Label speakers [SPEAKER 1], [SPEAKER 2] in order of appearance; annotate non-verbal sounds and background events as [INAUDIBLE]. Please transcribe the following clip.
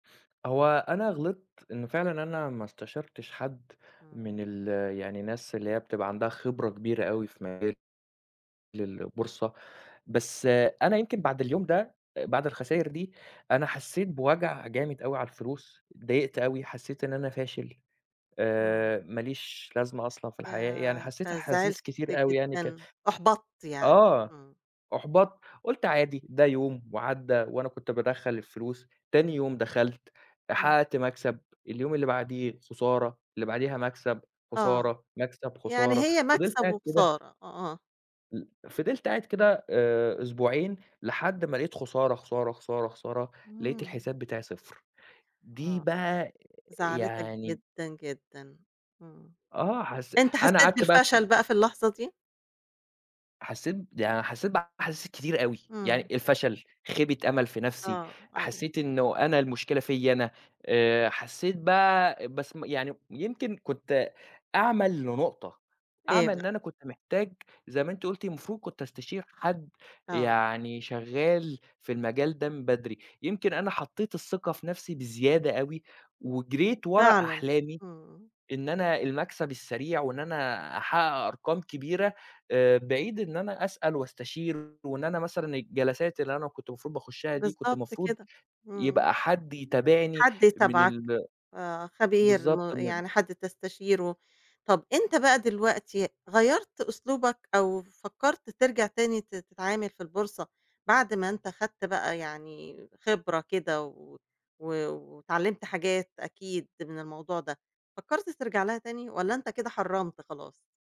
[SPEAKER 1] هو أنا غلِطت إن فعلًا أنا ما استشَرتش حد،
[SPEAKER 2] امم.
[SPEAKER 1] من ال يعني الناس اللي هي بتبقى عندها خبرة كبيرة أوي في مجال للبورصة، بس أنا يمكن بَعد اليوم ده، بَعد الخساير دي، أنا حسّيت بوَجع جامد أوي على الفلوس، اتضايقت أوي، حسّيت إن أنا فاشل،
[SPEAKER 2] امم.
[SPEAKER 1] آآ ماليش لازمة أصلًا في الحياة، يعني
[SPEAKER 2] ياه! أنت
[SPEAKER 1] حسّيت
[SPEAKER 2] زعِلت
[SPEAKER 1] أحاسيس كتير أوي يعني ك
[SPEAKER 2] جدًا، أُحبطت يعني،
[SPEAKER 1] آه،
[SPEAKER 2] امم.
[SPEAKER 1] أُحبَطت، قُلت عادي ده يوم وعدّى وأنا كُنت بادخّل الفلوس، تاني يوم دخَلت،
[SPEAKER 2] امم.
[SPEAKER 1] حقّقت مكسب، اليوم اللي بعدِيه خسارة، اللي بعدِيها مكسب،
[SPEAKER 2] آه،
[SPEAKER 1] خسارة، مكسب،
[SPEAKER 2] يعني
[SPEAKER 1] خسارة،
[SPEAKER 2] هي
[SPEAKER 1] فضِلت
[SPEAKER 2] مكسب
[SPEAKER 1] قاعد كده
[SPEAKER 2] وخسارة، أ آه.
[SPEAKER 1] ال فضِلت قاعد كده آآ أسبوعين، لحد ما لقيت خسارة، خسارة، خسارة، خسارة، لقيت
[SPEAKER 2] امم.
[SPEAKER 1] الحساب بتاعي 0 دي
[SPEAKER 2] آه،
[SPEAKER 1] بقى
[SPEAKER 2] زعّلِتك
[SPEAKER 1] يعني
[SPEAKER 2] جدًا، جدًا، امم.
[SPEAKER 1] آه حسّ
[SPEAKER 2] أنت
[SPEAKER 1] أنا
[SPEAKER 2] حسّيت
[SPEAKER 1] قعَدت بقى في اس
[SPEAKER 2] بالفشل بقى في اللحظة دي؟
[SPEAKER 1] حسّيت ده أنا حسّيت [UNINTELLIGIBLE] أحاسيس كتيرة أوي، يعني
[SPEAKER 2] إمم.
[SPEAKER 1] الفشل، خيبة أمل في نَفْسي،
[SPEAKER 2] آه، أيوه.
[SPEAKER 1] حسّيت إنّه أنا المشكلة فيَّ أنا، آآ حسّيت بقى بس م يعني يمكن كنت أعمى لنقطة،
[SPEAKER 2] إيه
[SPEAKER 1] أعمى
[SPEAKER 2] بقى؟
[SPEAKER 1] إن أنا كُنت محتاج، زي ما أنتِ قُلتِ المفروض كنت أستشير حد،
[SPEAKER 2] آه.
[SPEAKER 1] يعني شغّال في المجال ده من بدري، يمكن أنا حطّيت الثّقة في نَفْسي بزيادة أوي، وجرِيت ورا
[SPEAKER 2] فعلًا،
[SPEAKER 1] أحلامي،
[SPEAKER 2] امم.
[SPEAKER 1] إن أنا المكسب السريع وإن أنا أحقّق أرقام كبيرة، آآ بِعيد إن أنا أسأل وأستشير وإن أنا مثلًا الجلسات اللي أنا كُنت المفروض باخُشّها دي كُنت
[SPEAKER 2] بالضبط
[SPEAKER 1] المفروض
[SPEAKER 2] كده، امم.
[SPEAKER 1] يبقى حد يتابعني،
[SPEAKER 2] حد
[SPEAKER 1] من
[SPEAKER 2] يتابعك،
[SPEAKER 1] ال
[SPEAKER 2] آآ خبير، م
[SPEAKER 1] بالضبط من
[SPEAKER 2] يعني حد تستشيره. طَب أنت بقى دلوقتي، غيّرت أسلوبك، أو فكّرت ترجَع تاني ت تتعامل في البورصة، بَعد ما أنت خَدت بقى يعني خبرة كده و و واتعلّمت حاجات أكيد من الموضوع ده، فكّرت ترجَع لها تاني والّا أنت كده حرّمت خلاص؟